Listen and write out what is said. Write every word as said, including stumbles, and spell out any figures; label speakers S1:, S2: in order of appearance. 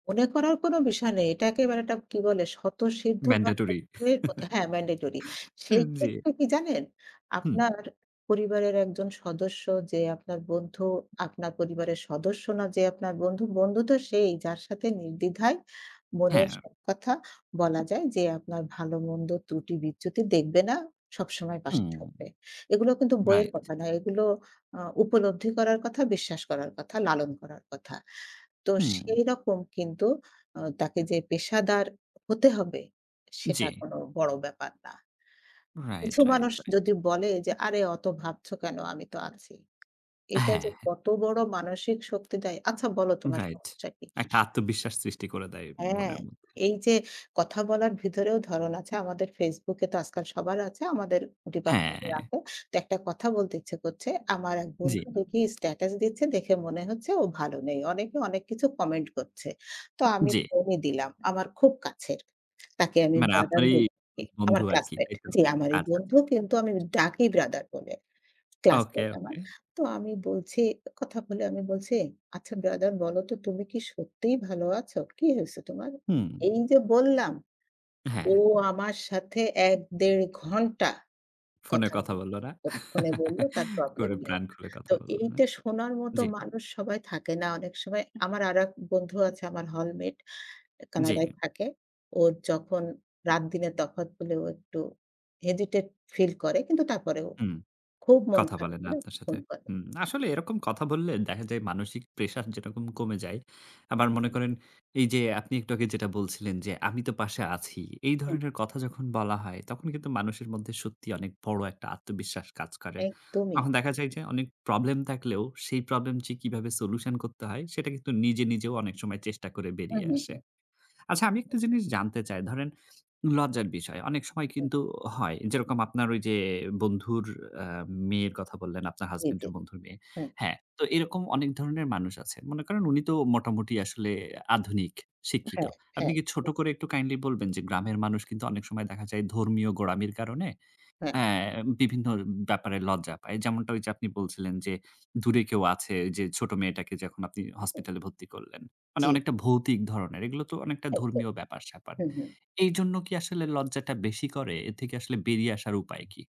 S1: মনে করার কোন বিষয় নেই। এটা একেবারে একটা কি বলে? স্বতঃসিদ্ধ বা [unintelligible]
S2: ম্যান্ডেটরি।
S1: মত হ্যাঁ, ম্যান্ডেটরি।
S2: উ
S1: সেই
S2: জ্বী।
S1: ক্ষেত্রে কি জানেন?
S2: হুঁম।
S1: আপনার পরিবারের একজন সদস্য যে আপনার বন্ধু, আপনার পরিবারের সদস্য না, যে আপনার বন্ধু। বন্ধু তো সেই যার সাথে নির্দ্বিধায় মনের
S2: হ্যাঁ।
S1: সব কথা বলা যায়। যে আপনার ভালো-মন্দ ত্রুটি-বিচ্যুতি দেখবে না, সবসময়
S2: হুম।
S1: পাশে থাকবে। এগুলো কিন্তু বইয়ের
S2: রাইট।
S1: কথা নয়। এগুলো আ উপলব্ধি করার কথা, বিশ্বাস করার কথা, লালন করার কথা। তো
S2: হুম।
S1: সেইরকম কিন্তু আ তাকে যে পেশাদার হতে হবে, সেটা
S2: জ্বি।
S1: কোন বড় ব্যাপার না।
S2: রাইট,
S1: কিছু
S2: রাইট,
S1: মানুষ
S2: রাইট।
S1: যদি বলে যে, "আরে অত ভাবছো কেন? আমি তো আছি।" এটা যে
S2: হ্যাঁ।
S1: কত বড় মানসিক শক্তি দেয়। "আচ্ছা বলো তোমার
S2: রাইট।
S1: সমস্যা কি?"
S2: একটা আত্মবিশ্বাস সৃষ্টি করে দেয়
S1: হ্যাঁ,
S2: মনের মধ্যে।
S1: এই যে কথা বলার ভিতরেও ধরণ আছে। আমাদের Facebook এ তো আজকাল সবার আছে। আমাদের ডিপার্টমেন্টে
S2: হ্যাঁ।
S1: আছে। তো একটা কথা বলতে ইচ্ছে করছে। আমার এক
S2: জ্বী।
S1: বন্ধু দেখি স্টেটাস দিচ্ছে, দেখে মনে হচ্ছে ও ভালো নেই। অনেকে অনেক কিছু কমেন্ট করছে। তো আমি
S2: জ্বী।
S1: ফোনই দিলাম। আমার খুব কাছের। তাকে আমি
S2: মানে
S1: ব্রাদার
S2: আপনারই
S1: বলে থাকি।
S2: ক্লোজ
S1: আমার
S2: বন্ধু আরকি
S1: ক্লাসমেট
S2: তাই তো?
S1: জি, আমারই
S2: আচ্ছা,
S1: বন্ধু,
S2: আচ্ছা।
S1: কিন্তু আমি ডাকি ব্রাদার বলে।
S2: ওকে,
S1: ক্লাসমেট আমার।
S2: ওকে।
S1: তো আমি বলছি কথা বলে আমি বলছি, "আচ্ছা ব্রাদার বলো তো তুমি কি সত্যিই ভালো আছো? কি হইছে তোমার?"
S2: হুম।
S1: এই যে বললাম! ও
S2: হ্যাঁ।
S1: আমার সাথে এক-দেড় ঘন্টা
S2: ফোনে
S1: কথা
S2: কথা
S1: বলল
S2: বলল, না?
S1: ফোনে বলল, তার প্রবলেম
S2: করে
S1: নিয়ে।
S2: প্রাণ খুলে কথা
S1: তো
S2: বলল, না?
S1: এইটা শোনার মতো
S2: জ্বী।
S1: মানুষ সবাই থাকে না অনেক সময়। আমার আরেক বন্ধু আছে, আমার হলমেট।
S2: জ্বী।
S1: কানাডায় থাকে। ওর যখন, রাতদিনের তফাত বলে ও একটু হেজিটেট ফিল করে, কিন্তু তারপরেও
S2: হুম,
S1: খুব মন
S2: কথা
S1: খারাপ
S2: বলেন
S1: হলে
S2: আপনার সাথে।
S1: ফোন করে।
S2: হুম। আসলে এরকম কথা বললে দেখা যায়, মানসিক প্রেশার যেরকম কমে যায়। আবার মনে করেন এই যে আপনি একটু আগে যেটা বলছিলেন যে, "আমি তো পাশে আছি।" এই
S1: হুম।
S2: ধরনের কথা যখন বলা হয়, তখন কিন্তু মানুষের মধ্যে সত্যি অনেক বড় একটা আত্মবিশ্বাস কাজ করে।
S1: একদমই।
S2: তখন দেখা যায় যে, অনেক প্রবলেম থাকলেও, সেই প্রবলেম যে কীভাবে সলিউশন করতে হয়, সেটা কিন্তু নিজে, নিজেও অনেক সময় চেষ্টা করে
S1: হু,
S2: বেরিয়ে
S1: হু,
S2: আসে।
S1: হু।
S2: আচ্ছা আমি একটা জিনিস জানতে চাই। ধরেন লজ্জার বিষয়। অনেক সময়
S1: হু।
S2: কিন্তু হয়। যেরকম আপনার ঐ যে বন্ধুর আ মেয়ের কথা বললেন, আপনার
S1: জ্বী,
S2: হাসব্যান্ড
S1: জ্বী।
S2: এর বন্ধুর মেয়ে।
S1: হ্যাঁ।
S2: হ্যাঁ, তো এরকম অনেক ধরনের মানুষ আছেন। মনে করেন উনি তো মোটামুটি আসলে আধুনিক, শিক্ষিত।
S1: হ্যাঁ,
S2: আপনি
S1: হ্যাঁ।
S2: কি ছোট করে একটু কাইন্ডলি বলবেন, যে গ্রামের মানুষ কিন্তু অনেক সময় দেখা যায় ধর্মীয় গোড়ামির কারণে,
S1: হ্যাঁ।
S2: অ্যা বিভিন্ন ব্যাপারে লজ্জা পায়। যেমনটা ঐ যে আপনি বলছিলেন যে, দূরে কেউ আছে, ঐ যে ছোট মেয়েটাকে যখন আপনি
S1: হুম, হুম।
S2: হসপিটালে ভর্তি করলেন। মানে
S1: জ্বী।
S2: অনেকটা ভৌতিক ধরণের। এগুলো তো অনেকটা
S1: একদম।
S2: ধর্মীয় ব্যাপার-স্যাপার।
S1: হুম, হুম।
S2: এইজন্য কি আসলে লজ্জাটা বেশি করে? এর থেকে আসলে বেরিয়ে আসার উপায় কী?